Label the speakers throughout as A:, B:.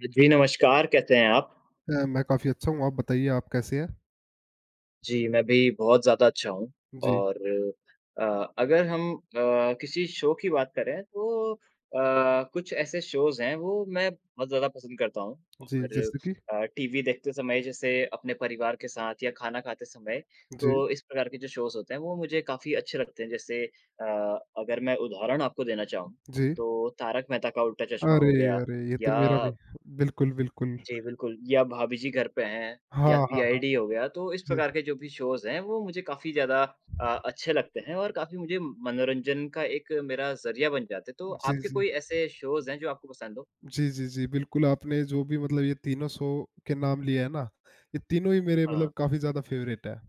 A: अ, जी, नमस्कार कैसे हैं आप?
B: अ, मैं काफ़ी अच्छा हूँ। आप बताइए आप कैसे हैं?
A: जी,
B: जी।
A: मैं भी बहुत ज़्यादा अच्छा हूँ
B: जी।
A: और अ, अगर हम अ, किसी शो की बात करें, तो अ, कुछ ऐसे शोज़ हैं वो मैं बहुत ज़्यादा पसंद करता हूँ
B: जी,
A: और
B: जैसे कि?
A: अ, टीवी देखते समय जैसे अपने परिवार के साथ या खाना खाते समय
B: जी।
A: तो इस प्रकार के जो शोज़ होते हैं, वो मुझे काफ़ी अच्छे लगते हैं। जैसे अ, अगर मैं उदाहरण आपको देना चाहूँ,
B: जी।
A: तो तारक मेहता का उल्टा चश्मा
B: अरे,
A: हो गया
B: अरे! ये तो
A: या
B: मेरा भी, बिल्कुल, बिल्कुल।
A: जी, बिल्कुल या भाभी जी घर पे हैं या
B: हाँ, हाँ, हाँ।
A: सीआईडी हो गया, तो इस
B: जी।
A: प्रकार के जो भी शोज़ हैं, वो मुझे काफ़ी ज़्यादा अ, अच्छे लगते हैं और काफ़ी मुझे मनोरंजन का एक मेरा ज़रिया बन जाते हैं। तो
B: जी,
A: आपके
B: जी।
A: कोई ऐसे शोज़ हैं, जो आपको पसंद हो?
B: जी, जी, जी, बिल्कुल आपने जो भी मतलब ये तीनों शो के नाम लिए हैं ना, ये तीनों ही मेरे मतलब
A: हाँ।
B: काफ़ी ज़्यादा फेवरेट हैं।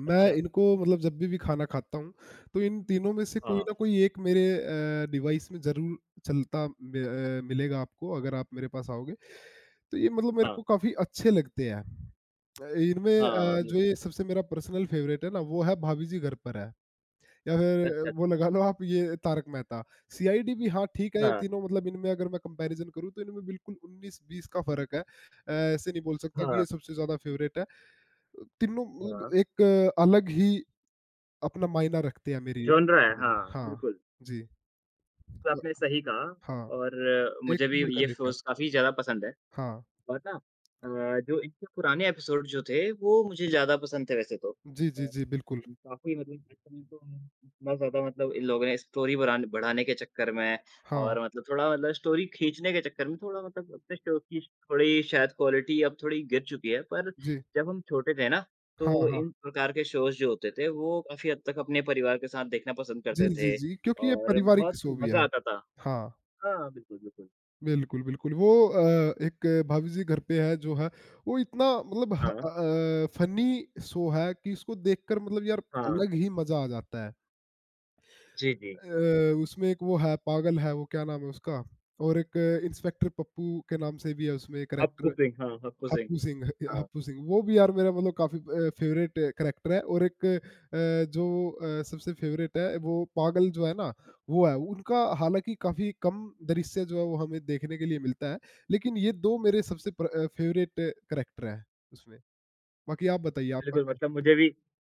B: मैं
A: अच्छा।
B: इनको मतलब जब भी खाना खाता हूँ, तो इन तीनों में से कोई
A: हाँ।
B: ना कोई एक मेरे अ, डिवाइस में ज़रूर चलता मे अ, मिलेगा आपको अगर आप मेरे पास आओगे, तो ये मतलब मेरे
A: हाँ।
B: को काफ़ी अच्छे लगते हैं। अ, इनमें
A: हाँ,
B: अ, जो
A: बिल्कुल।
B: ये सबसे मेरा पर्सनल फेवरेट है ना, वो है भाभी जी घर पर हैं या फिर
A: अच्छा,
B: वो
A: अच्छा।
B: लगा लो आप ये तारक मेहता, सीआईडी भी हाँ, ठीक है, ये
A: हाँ।
B: तीनों मतलब इनमें अगर मैं कंपैरिज़न करूँ तो इनमें बिल्कुल उन्नीस-बीस का फ़र्क है। अ, ऐसे नहीं बोल सकता कि
A: हाँ।
B: ये सबसे ज़्यादा फेवरेट है। अ, तीनों
A: हाँ।
B: मतलब एक अलग ही अपना मायना रखते हैं मेरी
A: जॉनरा है,
B: नज़र में
A: हाँ,
B: हाँ,
A: बिल्कुल।
B: जी।
A: तो
B: ब
A: आपने सही कहा
B: हाँ,
A: और
B: एक
A: मुझे
B: से
A: भी ये
B: बढ़कर एक है।
A: शोज़ काफ़ी ज़्यादा पसंद है
B: हाँ।
A: और ना अ, जो इनके पुराने एपिसोड जो थे वो मुझे ज़्यादा पसंद थे वैसे तो
B: जी,
A: अ,
B: जी, जी, बिल्कुल।
A: काफ़ी मतलब जैसे हम इनको इतना ज़्यादा मतलब इन लोगों ने स्टोरी बरान बढ़ाने के चक्कर में
B: हाँ।
A: और मतलब थोड़ा मतलब स्टोरी खींचने के चक्कर में थोड़ा मतलब अपने शो की थोड़ी शायद क्वालिटी अब थोड़ी गिर चुकी है। पर
B: जी।
A: जब हम छोटे थे ना,
B: हाँ,
A: तो
B: हाँ।
A: इन प्रकार के शोज़ जो होते थे, वो काफ़ी हद तक अपने परिवार के साथ देखना पसंद
B: जी,
A: करते
B: जी,
A: थे
B: जी क्योंकि ये
A: और
B: पारिवारिक
A: बहुत
B: शो भी है।
A: मज़ा आता था।
B: हाँ।
A: हाँ, बिल्कुल, बिल्कुल।
B: बिल्कुल, बिल्कुल वो अ, एक भाभी जी घर पे हैं जो है, वो इतना मतलब ह
A: हाँ।
B: अ अ, फनी शो है, कि उसको देखकर मतलब यार
A: हाँ।
B: अलग ही मज़ा आ जाता है।
A: जी, जी।
B: अ, उसमें एक वो है, पागल है वो क्या नाम है उसका? और एक इंस्पेक्टर पप्पू के नाम से भी है उसमें
A: हप्पू
B: कैरेक्टर
A: सिंह हाँ, हप्पू सिंह।
B: हप्पू सिंह, ह
A: हाँ।
B: हप्पू सिंह वो भी यार मेरा मतलब काफ़ी अ, फेवरेट कैरेक्टर है और एक अ, जो अ, सबसे फेवरेट है, वो पागल जो है ना वो है, उनका हालाँकि काफ़ी कम दृश्य जो है, वो हमें देखने के लिए मिलता है। लेकिन ये 2 मेरे सबसे प्र फेवरेट कैरेक्टर हैं उसमें। बाकी आप बताइए आपका
A: बिल्कुल
B: क्या?
A: मतलब मुझे भी हुँ।